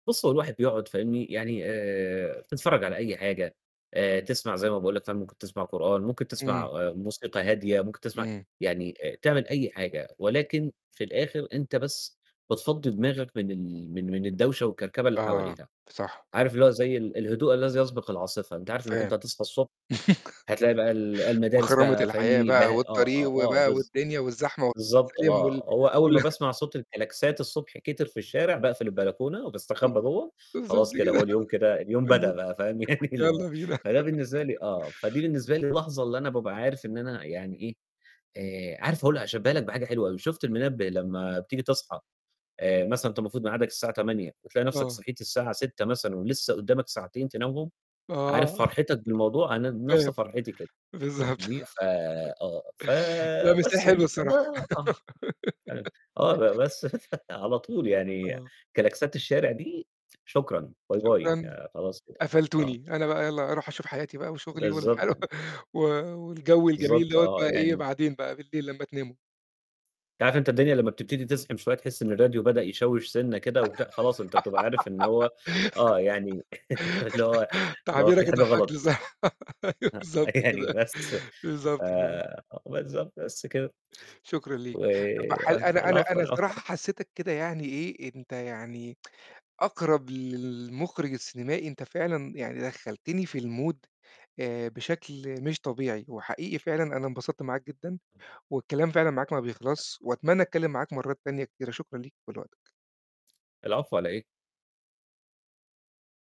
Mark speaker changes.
Speaker 1: بُص، هو الواحد بيقعُد فاهمني، يعني آآ، تتفرّج على أي حاجة آآ، تسمع زي ما باقول لك فاهم، ممكن تسمع قرآن، ممكن تسمع
Speaker 2: إمم.
Speaker 1: آآ، موسيقى هادية، ممكن تسمع
Speaker 2: إمم.
Speaker 1: يعني آآ، تعمل أي حاجة ولكن في الآخِر أنت بس بتفضّي دماغك من ال من من الدوشة والكركبة اللي
Speaker 2: آه،
Speaker 1: حواليها،
Speaker 2: صح.
Speaker 1: عارف اللي زي ال الهدوء الذي يسبق العاصفة، أنت عارف إنّك
Speaker 2: فاهم.
Speaker 1: أنت هتصحى الصبح هتلاقي بقى ال المدارس
Speaker 2: مخرمة
Speaker 1: بقى
Speaker 2: الحياة
Speaker 1: فاهمني؟ ب
Speaker 2: بقى
Speaker 1: آه،
Speaker 2: والطريق
Speaker 1: آه، آه،
Speaker 2: وبقى
Speaker 1: بالض
Speaker 2: والدنيا والزحمة
Speaker 1: بالضبط
Speaker 2: [unintelligible] وال
Speaker 1: آه، هو أول ما
Speaker 2: واله
Speaker 1: باسمع صوت الكلاكسات الصبح كتر في الشارع باقفل البلكونة
Speaker 2: [unintelligible]
Speaker 1: وباستخبى جوّه
Speaker 2: بالضبط،
Speaker 1: خلاص كده
Speaker 2: كده،
Speaker 1: هو اليوم كده اليوم بدأ
Speaker 2: بالضبط،
Speaker 1: بقى فاهم، يعني اللي هو
Speaker 2: يالّا بينا.
Speaker 1: فده بالنسبة لي آه، فدي بالنسبة لي لحظة اللي أنا بابقى عارف إن أنا يعني إيه، آآ عارف هاقول هاشبّاها لك بحاجة حلوة أوي، شُفت المنبّه لمّا بتيجي تصحى آآ، مثلًا وأنت المفروض ميعادك الساعة 08:00 فتلاقي نَفْسك
Speaker 2: آه.
Speaker 1: صحيت الساعة 06:00 مثلًا ولسه قدّامك ساعتين تنامهم، عارف
Speaker 2: آه.
Speaker 1: فرحتك بالموضوع أنا بنَفْس
Speaker 2: طيب.
Speaker 1: فرحيتي كده
Speaker 2: بالضبط.
Speaker 1: فاهمني، ف آه، ف
Speaker 2: لأ، بس هي
Speaker 1: بس
Speaker 2: حلو
Speaker 1: يعني، فده
Speaker 2: الصراحة.
Speaker 1: آه، [unintelligible] آه، ب بس فعلى طول يعني
Speaker 2: آه.
Speaker 1: كلاكسات الشارع دي شكرًا باي، باي
Speaker 2: شكرًا.
Speaker 1: يعني خلاص كده، آه.
Speaker 2: قفلتوني، أنا بقى يالّا أروح أشوف حياتي بقى وشُغلي والح
Speaker 1: بالضبط، يعني
Speaker 2: و والجَو الجميل
Speaker 1: بالضبط،
Speaker 2: دَوّة
Speaker 1: آه،
Speaker 2: بقى
Speaker 1: يعني
Speaker 2: إيه،
Speaker 1: م
Speaker 2: بعدين بقى بالليل لمّا تناموا.
Speaker 1: أنت عارف أنت الدنيا لمّا بتبتدي تزحِم شوية تحس إن الراديو بدأ يشوّش سِنّة كده وت خلاص أنت بتبقى عارف إن هو آه، يعني اللي هو ما هو
Speaker 2: تعبيرك
Speaker 1: في حاجة
Speaker 2: ضحّكني
Speaker 1: غلط.
Speaker 2: صح، أيوه
Speaker 1: آه،
Speaker 2: بالضبط
Speaker 1: يعني
Speaker 2: كده،
Speaker 1: [unintelligible] ف
Speaker 2: بالضبط كده.
Speaker 1: آه، بالضبط، بس كده
Speaker 2: شكرًا ليك.
Speaker 1: و
Speaker 2: طَب ح
Speaker 1: آه،
Speaker 2: أنا أنا
Speaker 1: العفو،
Speaker 2: أنا
Speaker 1: العفو
Speaker 2: الصراحة
Speaker 1: عل
Speaker 2: حسّيتك كده يعني إيه، أنت يعني أقرب للمُخرِج السينمائي، أنت فعلًا يعني دخّلتني في المود آآ، بشكل مش طبيعي وحقيقي فعلًا، أنا انبسطت معاك جدًا والكلام فعلًا معاك ما بيخلصش وأتمنى أتكلّم معاك مرّات تانية كتيرة، شكرًا ليك ولوقتك.
Speaker 1: العفو، على إيه؟